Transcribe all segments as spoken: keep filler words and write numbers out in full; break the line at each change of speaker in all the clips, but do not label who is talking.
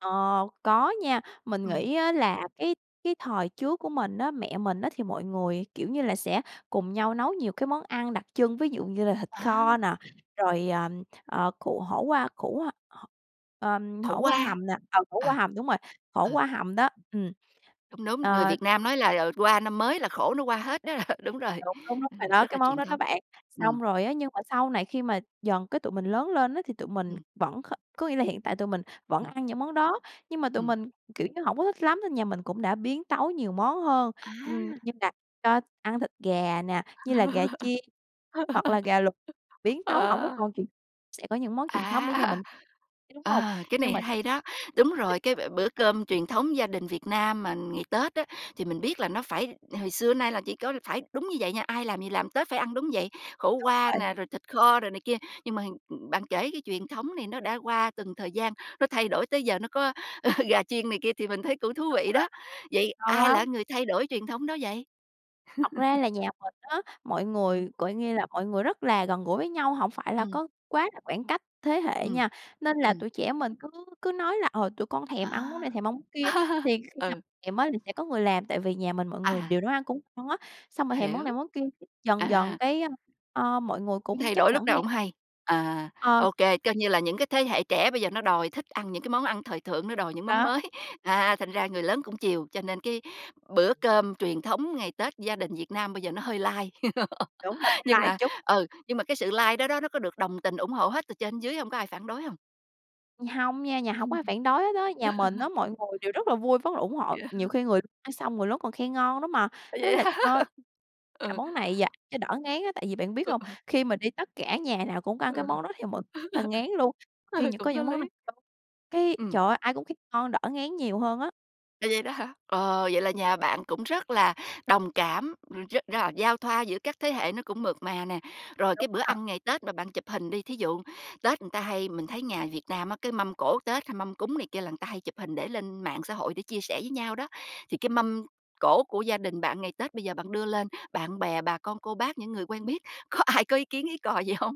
Ờ, có nha, mình
Ừm.
nghĩ á là cái cái thời trước của mình á, mẹ mình á thì mọi người, kiểu như là, sẽ cùng nhau nấu nhiều cái món ăn đặc trưng, ví dụ như là thịt
À!
kho nè, rồi, ờm, ờ, củ hổ qua, củ h h ờm,
Khổ
hổ qua
qua.
hầm nè, ờ, khổ
Ừ.
qua hầm, đúng rồi, khổ
Ừ.
qua hầm đó, ừm.
Đúng, đúng, người
Ờ
Việt Nam nói là, ờ, qua năm mới là khổ nó qua hết đó r đúng rồi,
Đúng, đúng, đúng, bạn
[unintelligible]
nói
rất
cái
là
món
truyền
đó, đó
thống.
bạn.
Ừm.
Xong rồi á nhưng mà sau này khi mà dần cái tụi mình lớn lên á thì tụi mình
Ừm.
vẫn kh có nghĩa là hiện tại tụi mình vẫn
Ừm.
ăn những món đó, nhưng mà tụi
Ừm.
mình, kiểu như, hổng có thích lắm nên nhà mình cũng đã biến tấu nhiều món hơn. Ừm,
À!
như là cho ăn thịt gà nè, như là gà chiên, hoặc là gà luộc biến tấu hổng có
À.
còn truyền sẽ có những món truyền thống để nhà
À!
mình, ấy đúng hông?
Ờ, cái
Nhưng
này
mà
hay đó, đúng rồi, cái b bữa cơm truyền thống gia đình Việt Nam mà, ừn, ngày Tết á thì mình biết là nó phải hồi xưa nay là chỉ có phải đúng như vậy nha, ai làm gì làm Tết phải ăn, đúng vậy, khổ
Đúng
qua
rồi.
nè, rồi thịt kho rồi này kia. Nhưng mà hình ưm, bạn kể cái truyền thống này nó đã qua từng thời gian, nó thay đổi tới giờ nó có, ờ, gà chiên này kia thì mình thấy cũng thú vị đó.
[unintelligible]
Vậy
Ngon
ai là
lắm.
cái người thay đổi truyền thống đó vậy?
Thật ra là nhà mình á, mọi
Ừm.
người, gọi nghe là, mọi người rất là gần gũi với nhau, hổng phải là
Ừm.
có quá là khoảng cách thế hệ
Ừm,
nha, nên là
ừm.
tụi trẻ mình cứ cứ nói là, ờ, tụi con thèm ăn món
À!
này, thèm ăn món kia, thì khi nào
Ừ.
èm á thì sẽ có người làm, tại vì nhà mình mọi người
À.
đều nấu ăn cũng on á, xong rồi thèm món này
Hiểu.
món kia, dần dần,
À!
cái, ờ, mọi người
Cứ
cũng
thay
chấp
đổi lúc
nhận
nào
theo.
hổng hay, à,
Ờ.
ô kê, coi như là những cái thế hệ trẻ bây giờ nó đòi thích ăn những cái món ăn thời thượng, nó đòi những món
Đó.
mới, à, thành ra người lớn cũng chiều, cho nên cái bữa cơm truyền thống ngày Tết gia đình Việt Nam bây giờ nó hơi lai.
Đúng rồi, nó
Nhưng
lai
mà,
chút.
ừ, nhưng mà cái sự lai đó, đó nó có được đồng tình, ủng hộ hết từ trên dưới hông? Có ai phản đối hông?
Hông nha, nhà hổng có ai phản đối hết á. Nhà mình á, mọi người đều rất là vui, vất là ủng hộ,
Vậy hả?
nhiều khi người l ăn xong người lớn còn khen ngon lắm mà,
À
nói
vậy
là
ha?
[unintelligible] làm
Ừ.
món này vào cho đỡ ngán á, tại vì bạn biết
Ừ.
hông, khi mà đi tất cả nhà nào cũng ăn cái
Ừ.
món đó thì mình là ngán luôn. Khi
Ừ,
những
cũng
có
có
những món n
lý.
cái,
Ừm.
trời ơi, ai cũng kh ngon đỡ ngán nhiều hơn á.
À, vậy đó hả? Ờ, vậy là nhà bạn cũng rất là đồng cảm, r rất ra giao thoa giữa các thế hệ nó cũng mượt mà nè, rồi
Đúng
cái bữa
a.
ăn ngày Tết mà bạn chụp hình đi, thí dụ Tết ừn ta hay mình thấy nhà Việt Nam á, cái mâm cỗ Tết hay mâm cúng này kia là ừn ta hay chụp hình để lên mạng xã hội để chia sẻ với nhau đó, thì cái
Ừm.
mâm cỗ của gia đình bạn ngày Tết bây giờ bạn đưa lên bạn bè, bà con cô bác, những người quen biết có ai có ý kiến ý cò gì hông?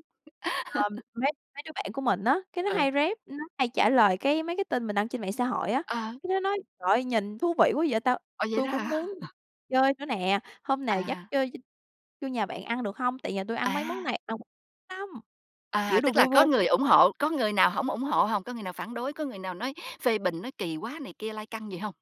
Ờ, mấy mấy đứa bạn của mình á, cái nó
Ừ.
hay rep, nó hay trả lời, cái, mấy cái tin mình đăng trên mạng xã hội á,
Ờ.
cá nó nói: "Trời ơi! Nhìn thú vị quá vậy ta,
Ồ, vậy
tui
đó
cũng muốn
hả?
chơi nữa nè, hôm nào dắt
À.
chơi ch vô nhà bạn ăn được hông? Tại nhà tui ăn mấy món
À!
này [unintelligible] lắm!" Kiểu,
À,
đùa
tức là
vui
có
vui.
người ủng hộ, có người nào hổng ủng hộ hông? Có người nào phản đối, có người nào nói phê bình, nói kỳ quá này kia, lai căng gì hông?